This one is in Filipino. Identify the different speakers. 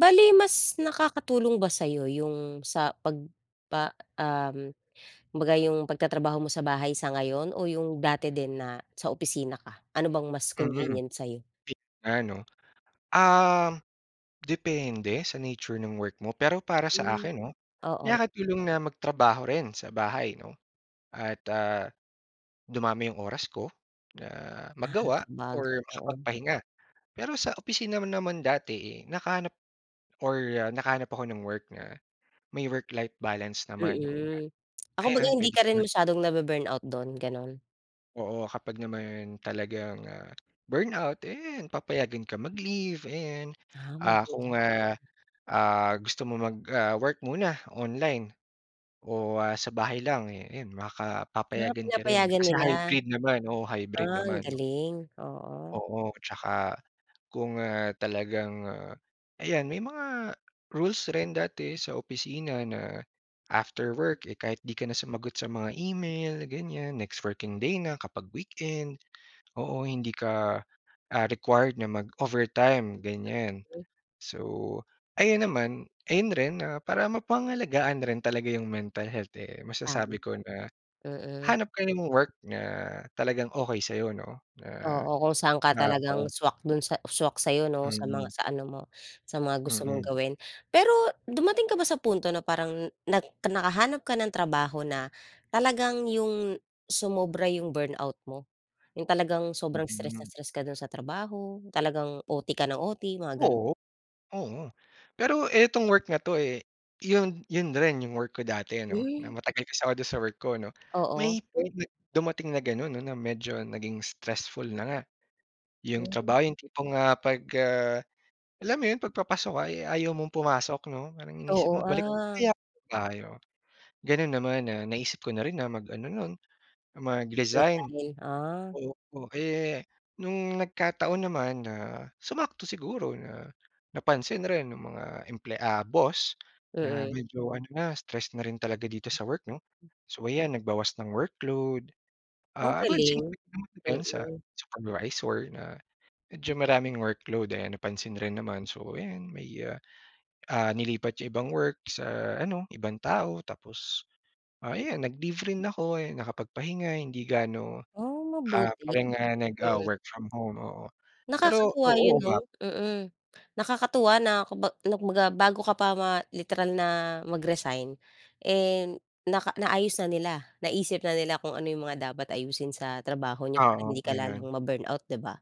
Speaker 1: Bale mas nakakatulong ba sa'yo yung, sa 'pag pa um, kumbaga yung pagtatrabaho mo sa bahay sa ngayon o yung dati din na sa opisina ka? Ano bang mas
Speaker 2: Mm.
Speaker 1: convenient sa'yo?
Speaker 2: [unintelligible] 'no? Um, depende sa nature ng work mo, pero para sa
Speaker 1: Hmm.
Speaker 2: akin 'no,
Speaker 1: Oo.
Speaker 2: nakakatulong na magtrabaho rin sa bahay 'no? At, ah, dumami yung oras ko na
Speaker 1: Ah,
Speaker 2: magawa
Speaker 1: sabagay,
Speaker 2: or
Speaker 1: oo.
Speaker 2: makapagpahinga. Pero sa opisina naman dati, eh, nakahanap or, ah, nakahanap ako ng work na may work life balance naman 'no. Kumbaga,
Speaker 1: Mm. Ah, kumbaga
Speaker 2: ayan,
Speaker 1: hindi
Speaker 2: pwede
Speaker 1: ka
Speaker 2: ka
Speaker 1: rin
Speaker 2: mag
Speaker 1: masyadong nabu-burnout do'n, ganon?
Speaker 2: Oo. Kapag naman talagang, ah, burnout, eh, 'yan papayagan ka mag-leave, ayan.
Speaker 1: Ah,
Speaker 2: Ah,
Speaker 1: mabuti
Speaker 2: kung,
Speaker 1: naman.
Speaker 2: ah, ah, gusto mo mag, ah, work muna online o, ah, sa bahay lang, eh, 'yan makaka
Speaker 1: Ah,
Speaker 2: papayagan ka rin.
Speaker 1: pinapayagan
Speaker 2: Kasi
Speaker 1: nila?
Speaker 2: hybrid naman, oo, hybrid
Speaker 1: Ah, ang
Speaker 2: naman.
Speaker 1: galing. Oo.
Speaker 2: Oo, tsaka kung, ah, talagang, ah, ayan may mga rules rin dati sa opisina na after work, eh, kahit 'di ka na sumagot sa mga email ganyan, next working day na kapag weekend. Oo, hindi ka, ah, required na mag-overtime, ganyan. So, ayun naman ayun rin, ah, para mapangalagaan rin talaga yung mental health, eh,
Speaker 1: Tama.
Speaker 2: masasabi ko na,
Speaker 1: Mm.
Speaker 2: hanap ka ng work na talagang okey sa'yo 'no, na,
Speaker 1: Oo. Kung saan ka
Speaker 2: ah
Speaker 1: talagang
Speaker 2: oo.
Speaker 1: swak do'n sa swak sa'yo 'no? Sa mga
Speaker 2: Mm.
Speaker 1: sa ano mo, sa mga gusto mong
Speaker 2: Mm.
Speaker 1: gawin. Pero dumating ka ba sa punto na parang nag nakahanap ka ng trabaho na talagang yung, sumobra yung burnout mo? Yung talagang sobrang stress na
Speaker 2: Mm.
Speaker 1: stress ka do'n sa trabaho, talagang OT ka ng OT, mga ganon?
Speaker 2: Oo. Oo. Pero etong work na 'to, eh, yun yun rin yung work ko dati ano. Na
Speaker 1: Hmm.
Speaker 2: matagal kasi ako do'n sa work ko ano.
Speaker 1: Oo.
Speaker 2: May point na dumating na ganon ano, medyo naging stressful na nga, yung
Speaker 1: Hmm.
Speaker 2: trabaho. Yung tipong, ah, 'pag, ah, alam mo yun, 'pag papasok ka ay ayaw mong pumasok 'no? Parang iniisip mo,
Speaker 1: Oo.
Speaker 2: "Balik na kaya
Speaker 1: Ah.
Speaker 2: tayo?" Ganon naman, ah, naisip ko na rin na mag ano no'n, mag-resign.
Speaker 1: Mag-resign. Ah.
Speaker 2: Oo. Eh, no'ng nagkataon naman na, sumakto siguro na napansin rin ng mga emple ah, boss na
Speaker 1: Mm.
Speaker 2: medyo ano na, stress na rin talaga dito sa work 'no? So 'yan, nagbawas ng workload.
Speaker 1: Ang
Speaker 2: Ah, well swinerte
Speaker 1: galing.
Speaker 2: rin naman din sa
Speaker 1: Mm.
Speaker 2: supervisor na medyo maraming workload, ayan, napansin rin naman. So, ayan, may, ah, ah, nilipat yung ibang work sa ano, ibang tao tapos, ah, ayan, nag-leave rin ako, ayan, nakapagpahinga, hindi gaano,
Speaker 1: Ah,
Speaker 2: ah,
Speaker 1: mabuti.
Speaker 2: parang, ah, nag, ah,
Speaker 1: Mm.
Speaker 2: work from home, oo. Pero,
Speaker 1: Nakakatuwa
Speaker 2: oo,
Speaker 1: yun 'no?
Speaker 2: uma
Speaker 1: Mm. Nakakatuwa na kumba na kumbaga bago ka pa ma literal na mag-resign, eh, naka naayos na nila, naisip na nila kung ano yung mga dapat ayusin sa trabaho niyo para
Speaker 2: Oo.
Speaker 1: hindi ka
Speaker 2: Ayan.
Speaker 1: lalong ma-burnout, 'di ba?